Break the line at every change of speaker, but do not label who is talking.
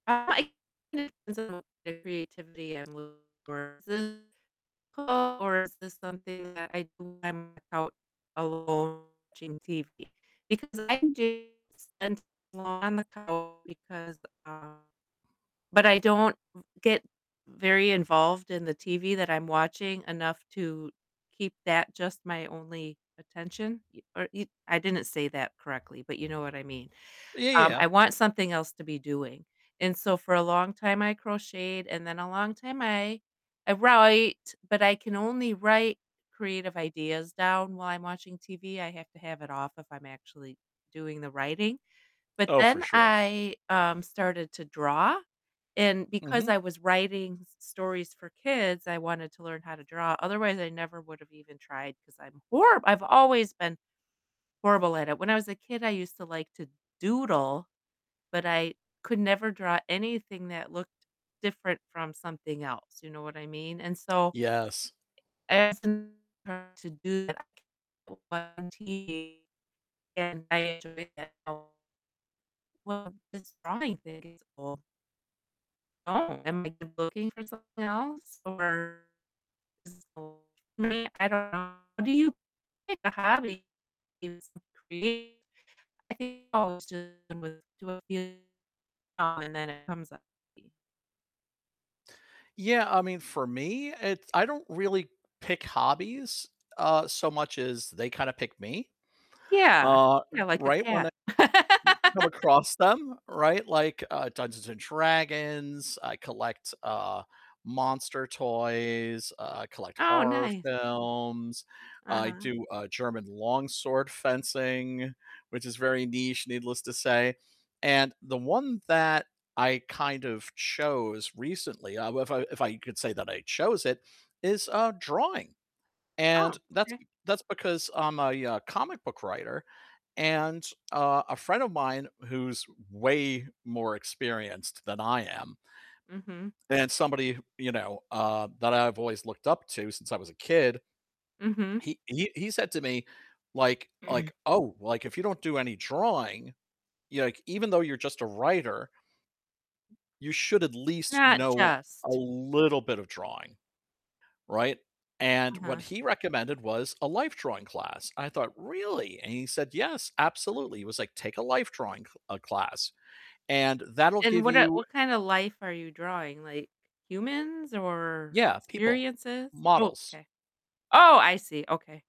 Uh, I [unintelligible] creativity and [unintelligible] or is this something that I do when I'm out alone watching TV, because I can do s [unintelligible] while on the couch because, uh but I don't v get very involved in the TV that I'm watching enough to keep that just my only attention, y or y I didn't say that correctly, but you know what I mean,
Ye
um,
yeah.
I want something else to be doing, and so, for a long time I crocheted, and then a long time I I write, but I can only write creative ideas down while I'm watching TV, I have to have it off if I'm actually doing the writing, but
Oh, for
then
sure.
I, um, started to draw, and because
Mhm.
I was writing s stories for kids, I wanted to learn how to draw, otherwise I never would've even tried 'cause I'm horrib I've always been horrible at it. When I was a kid, I used to like to doodle, but I could never draw anything that looked different from something else, you know what I mean, and so
Yes.
I [unintelligible] to do that [unintelligible] and I enjoy it now. Well, just drawing things o Oh, am I looking for something else? Or [unintelligible] me, I don't know. How do you pick a hobby? [unintelligible] Create I think I always just [unintelligible] uh, and then it comes out to be
Yeah, I mean, for me, it's I don't really pick hobbies, uh, so much as they kinda pick me,
Yeah,
uh,
you know,
er,
like a
right, when I
cat.
come across them, right? Like, uh, Dungeons& Dragons, I collect, uh, monster toys, uh, I collect
Oh,
horror
nice.
films, I
Uh-huh.
do, uh, German longsword fencing, which is very niche, needless to say, and the one that I kind of chose recently, uh, w if I if I could say that I chose it, is, uh, drawing, and
Oh,
that's
okay.
be that's because I'm a, uh, comic book writer, and, uh, a friend of mine who's way more experienced than I am
Mhm.
and somebody, wh you know, uh, that I've always looked up to since I was a kid,
Mhm.
he he he said to me, like like, "Oh, like, if you don't do any drawing, y like, even though you're just a writer, you should at least
Not
know a
just
little bit of drawing," right, and
Uh-huh.
what he recommended was a life drawing class, I thought, "Really?" and he said, "Yes, absolutely," he was like, "Take a life drawing cl uh, class, and that'll
And
give
what, uh
you"
what kind of life are you drawing? Like, humans or
Yeah, people,
experiences? Oh,
models.
okay oh, I see, okay.